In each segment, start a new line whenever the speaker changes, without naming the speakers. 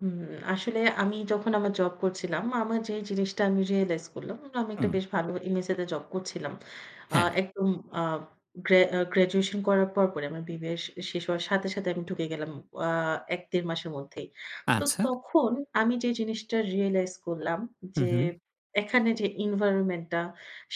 হুম, আসলে আমি যখন আমার জব করছিলাম, আমার যে জিনিসটা আমি রিয়ালাইজ করলাম। আমি একটা
হু।
বেশ ভালো MSA তে জব করছিলাম। আ
হ্যাঁ।
একদম আ গ্র্যা আ গ্র্যাজুয়েশন করার পরপরই আমার BBA শ শেষ হওয়ার সাথে, সাথে আমি ঢুকে গেলাম ও আ ১-১.৫ মাসের মধ্যেই। তো
আচ্ছা।
তখন আমি যেই জিনিসটা রিয়ালাইজ করলাম
হু,
যে
হু।
এখানে যে এনভায়রনমেন্ট টা,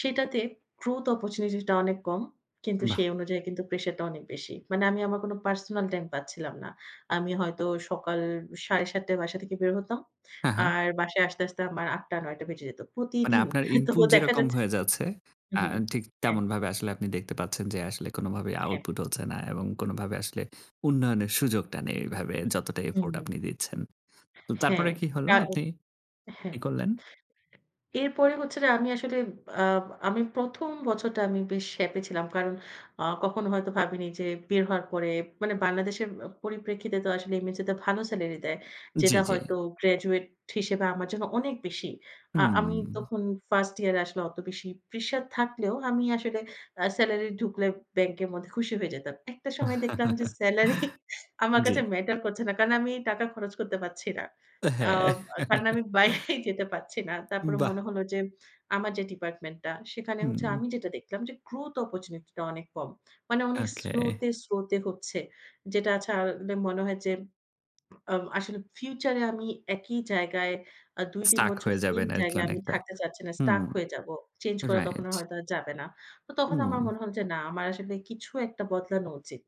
সেইটাতে গ্রোথ অপরচুনিটি টা অনেক কম, কিন্তু
বাহ!
সেই অনুযায়ী কিন্তু প্রেশারটা অনেক বেশি। মানে আমি আমার কোন পার্সোনাল টাইম পাচ্ছিলাম না। আমি হয়তো সকাল ৭ঃ৩০ টায় বাসা থেকে বের হতাম।
হ্যাঁ, হ্যাঁ।
আর বাসায় আসতে, আসতে আমার ৮ঃ০০-৯ঃ০০ বেজে যেত,
মানে
প্রতিদিন।
আপনার
তো
ইনপুট
দেখা
যেরকম
যাচ্ছে
হয়ে যাচ্ছে,
হুম,
আ
হু,
ঠিক
হ্যাঁ।
তেমনভাবে আসলে আপনি দেখতে পাচ্ছেন, যে আসলে কোনোভাবেই
এ হ্যাঁ।
আউটপুট হচ্ছে না এবং কোনোভাবে আসলে উন্নয়নের সুযোগটা নেই এভাবে যতটা
হুম।
এফোর্ট আপনি দিচ্ছেন। তো
হ্যাঁ,
তারপরে কি হলো
তার
আপনি
হ্যাঁ।
কি করলেন?
এরপরে হচ্ছে যে আমি আসলে আ আমি ১ম বছরটা আমি বেশ হ্যাপি ছিলাম। কারণ আ কখনো হয়তো ভাবিনি যে বের হওয়ার পরে মানে বাংলাদেশের আ পরিপ্রেক্ষিতে তো আসলে MSA তে ভালো স্যালারি দেয়।
জি,
যেটা
জি।
হয়তো গ্র্যাজুয়েট হিসেবে আমার জন্য অনেক বেশি। আ
হুম।
আমি তখন ফার্স্ট ইয়ার এ আসলে অত বেশি প্রেশার থাকলেও আমি আসলে আ স্যালারি ঢুকলে ব্যাংকের মধ্যে খুশি হয়ে যেতাম। একটা সময় দেখলাম যে স্যালারি আমার কাছে
জ্বী।
ম্যাটার করছে না কারণ আমি টাকা খরচ করতে পারছি না। আ
হ্যাঁ।
আ কারণ আমি বাইরেই যেতে পারছি না। তারপরে মনে
বাহ!
হলো যে আমার যে ডিপার্টমেন্ট টা, সেখানে হচ্ছে
হুম।
আমি যেটা দেখলাম যে গ্রোথ অপরচুনিটি টা অনেক কম। মানে অনেক স্লো
ওকে।
তে, স্লো তে হচ্ছে। যেটা ছাড়লে মনে হয় যে আ আসলে ফিউচার এ আমি একই জায়গায় আ ২-৩
স্টাক
বছর
হয়ে
সেম
যাবেন আরকি
জায়গায় আমি
অনেকটা।
থাকতে চাচ্ছি না, স্টাক
হুম,
হয়ে যাব। চেঞ্জ করা তখন
রাইট।
আ হয়তো আর যাবে না। তো তখন আমার
উ
মনে হল যে, না আমার আসলে কিছু একটা বদলানো উচিত।